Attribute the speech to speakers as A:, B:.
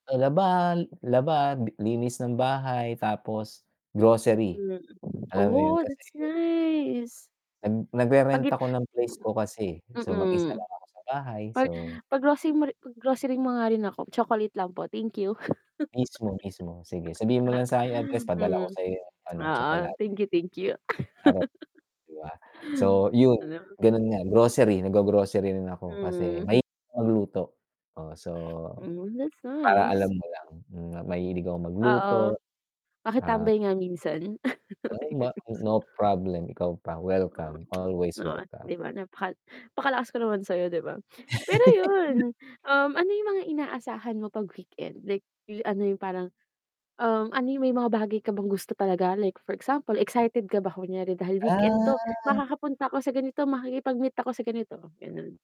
A: Na labahan, laba, linis ng bahay, tapos grocery.
B: Hmm,
A: Alam mo yun
B: Oh,
A: kasi
B: that's nice.
A: nag
B: Pag
A: nagre-rent
B: i
A: ako ng place ko
B: mm.
A: kasi, eh, so, mag isa
B: Mm.
A: lang ako sa bahay,
B: Pag
A: so
B: pag-grocery mo ri pag-grocery mga nga rin ako, chocolate lang po, thank you.
A: Mismo, mismo. Sige, sabihin mo lang sakin yung address padala ko
B: Mm.
A: sayo yung ano,
B: Oo,
A: tsokalate.
B: thank you, thank you.
A: Charot, di ba? So yun,
B: Ano?
A: ganun nga, grocery, nag-go-grocery rin ako, kasi
B: Mm.
A: mahilig ako magluto. Oh, so
B: Hmm, that's
A: para alam
B: nice.
A: mo lang na mahilig akong
B: Oo.
A: magluto. Ah
B: Makitambay nga minsan.
A: ayon ma no problem, ikaw pa,
B: Oh,
A: welcome, always
B: 'di ba, nawa
A: welcome.
B: di ba, napaka napakalakas ko naman sayo 'di ba? Pero yun, um, ano yung mga inaasahan mo pag weekend, like, yung ano yung parang, um, ano yung may mga bagay ka bang gusto talaga like for example, excited ka ba kunyari dahil weekend to,
A: Ah.
B: "Makakapunta ako sa ganito, makikipag-meet ako sa ganito," ganon.